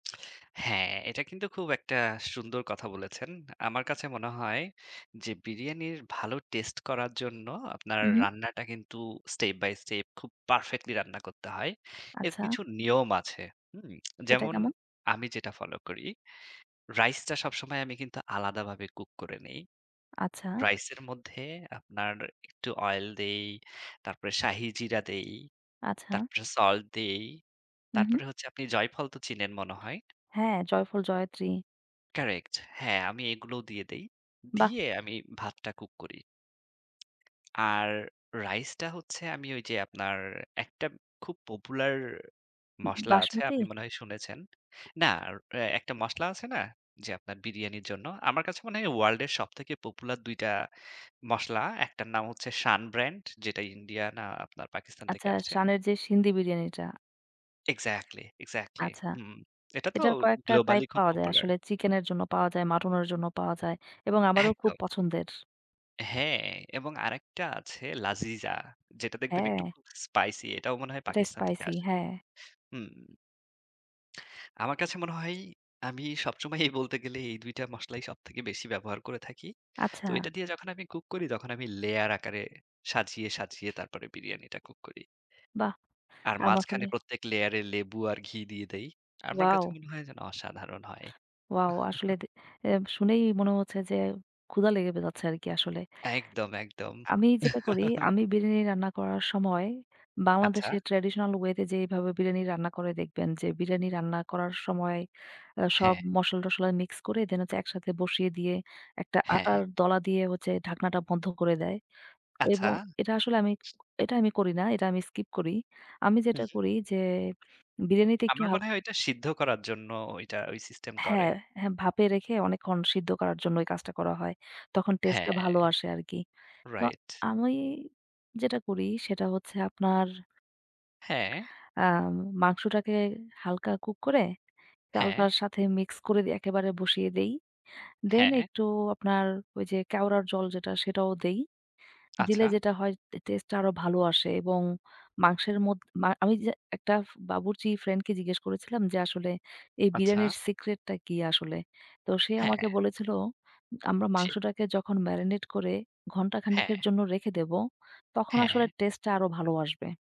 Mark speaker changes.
Speaker 1: হ্যাঁ, এটা কিন্তু খুব একটা সুন্দর কথা বলেছেন। আমার কাছে মনে হয় যে বিরিয়ানির ভালো টেস্ট করার জন্য আপনার
Speaker 2: মহুম।
Speaker 1: রান্নাটা কিন্তু স্টেপ বাই স্টেপ খুব পারফেক্টলি রান্না করতে হয়। এর
Speaker 2: আচ্ছা।
Speaker 1: কিছু নিয়ম আছে। হুম?
Speaker 2: সেটা
Speaker 1: যেমন
Speaker 2: কেমন?
Speaker 1: আমি যেটা ফলো করি, রাইসটা সবসময় আমি কিন্তু আলাদাভাবে কুক করে নেই।
Speaker 2: আচ্ছা।
Speaker 1: রাইসের মধ্যে আপনার একটু অয়েল দেই। তারপরে শাহী জিরা দেই।
Speaker 2: আচ্ছা।
Speaker 1: তারপরে সল্ট দেই।
Speaker 2: হু, হু।
Speaker 1: তারপরে হচ্ছে আপনি জয়ফল তো চিনেন মনে হয়?
Speaker 2: হ্যাঁ, জয়ফল, জয়ত্রী।
Speaker 1: কারেক্ট। হ্যাঁ, আমি এগুলোও দিয়ে দেই।
Speaker 2: বাহ!
Speaker 1: দিয়ে আমি ভাতটা কুক করি। আর রাইসটা হচ্ছে আমি ঐযে আপনার একটা খুব পপুলার
Speaker 2: উ উ
Speaker 1: মসলা আছে।
Speaker 2: বাসমতী?
Speaker 1: আপনি মনে হয় শুনেছেন। না, আর অ একটা মসলা আছে না? যে আপনার বিরিয়ানির জন্য। আমার কাছে মনে হয় ওয়ার্ল্ডের সবথেকে পপুলার ২ টা মসলা। একটার নাম হচ্ছে 'সান ব্র্যান্ড' যেটা ইন্ডিয়া না আপনার পাকিস্তান থেকে
Speaker 2: আচ্ছা।
Speaker 1: আসে।
Speaker 2: সানের যে সিন্দি বিরিয়ানিটা।
Speaker 1: Exactly, exactly.
Speaker 2: আচ্ছা,
Speaker 1: হুম, এটা তো অ
Speaker 2: এটার কয়েকটা
Speaker 1: গ্লোবালি
Speaker 2: টাইপ
Speaker 1: খুব
Speaker 2: পাওয়া যায়।
Speaker 1: পপুলার।
Speaker 2: আসলে চিকেনের জন্য পাওয়া যায়, মাটনের জন্য পাওয়া যায় এবং আমারও খুব
Speaker 1: একদম।
Speaker 2: পছন্দের।
Speaker 1: হ্যাঁ, এবং আরেকটা আছে 'লাজিজা' যেটা দেখবেন একটু
Speaker 2: হ্যাঁ।
Speaker 1: স্পাইসি। এটাও মনে হয়
Speaker 2: এটা
Speaker 1: পাকিস্তান থেকে
Speaker 2: স্পাইসি,
Speaker 1: আসে।
Speaker 2: হ্যাঁ।
Speaker 1: হুম। আমার কাছে মনে হয় আমি সবসময়ই বলতে গেলে এই ২ টা মসলা সবথেকে বেশি ব্যবহার করে থাকি। তো
Speaker 2: আচ্ছা।
Speaker 1: এটা দিয়ে যখন আমি কুক করি, তখন আমি লেয়ার আকারে সাজিয়ে, সাজিয়ে তারপরে বিরিয়ানিটা কুক করি।
Speaker 2: বাহ!
Speaker 1: আর
Speaker 2: আম
Speaker 1: মাঝখানে
Speaker 2: আসলে
Speaker 1: প্রত্যেক লেয়ারে লেবু আর ঘি দিয়ে দেই। আমার কাছে
Speaker 2: ওয়াও!
Speaker 1: মনে হয় যেন অসাধারণ হয়।
Speaker 2: ওয়াও! আসলে দে এ শুনেই মনে হচ্ছে যে ক্ষুধা লেগে বে যাচ্ছে আরকি আসলে।
Speaker 1: একদম, একদম।
Speaker 2: আমি যেটা করি, আমি বিরিয়ানি রান্না করার সময়
Speaker 1: আচ্ছা।
Speaker 2: বাংলাদেশের ট্র্যাডিশনাল ওয়েতে যেভাবে বিরিয়ানি রান্না করে দেখবেন যে, বিরিয়ানি রান্না করার সময় আ সব
Speaker 1: হ্যাঁ।
Speaker 2: মসলা-টশলা মিক্স করে দেন হচ্ছে একসাথে বসিয়ে দিয়ে একটা আটার
Speaker 1: হ্যাঁ।
Speaker 2: দলা দিয়ে হচ্ছে ঢাকনাটা বন্ধ করে দেয়
Speaker 1: আচ্ছা।
Speaker 2: এবং এটা আসলে আমি এটা আমি করি না। এটা আমি স্কিপ করি। আমি
Speaker 1: হুম।
Speaker 2: যেটা করি যে বিরিয়ানিতে একটু
Speaker 1: আমার
Speaker 2: হালক
Speaker 1: মনে হয় এটা সিদ্ধ করার জন্য ঐটা ঐ সিস্টেম করে।
Speaker 2: হ্যাঁ, হ্যাঁ। ভাপে রেখে অনেকক্ষণ সিদ্ধ করার জন্য এই কাজটা করা হয়। তখন টেস্টটা
Speaker 1: হ্যাঁ।
Speaker 2: ভালো আসে আরকি। তো
Speaker 1: রাইট।
Speaker 2: আমি যেটা করি সেটা হচ্ছে আপনার
Speaker 1: হ্যাঁ।
Speaker 2: আম মাংসটাকে হালকা কুক করে
Speaker 1: হ্যাঁ।
Speaker 2: চালটার সাথে মিক্স করে দিই। একেবারে বসিয়ে দেই। দেন
Speaker 1: হ্যাঁ।
Speaker 2: একটু আপনার ওইযে কেওড়ার জল যেটা, সেটাও দেই। দিলে
Speaker 1: আচ্ছা।
Speaker 2: যেটা হয় টে টেস্টটা আরো ভালো আসে এবং মাংসের মধ মা আমি যে একটা বাবুর্চি ফ্রেন্ডকে জিজ্ঞেস করেছিলাম যে, "আসলে এই
Speaker 1: আচ্ছা।
Speaker 2: বিরিয়ানির সিক্রেটটা কি আসলে?" তো সে আমাকে
Speaker 1: হ্যাঁ।
Speaker 2: বলেছিল, "আমরা
Speaker 1: জী।
Speaker 2: মাংসটাকে যখন মেরিনেট করে ঘন্টা
Speaker 1: হ্যাঁ।
Speaker 2: খানেকের জন্য রেখে দেব, তখন আসলে
Speaker 1: হ্যাঁ।
Speaker 2: টেস্টেটা আরো ভালো আসবে।"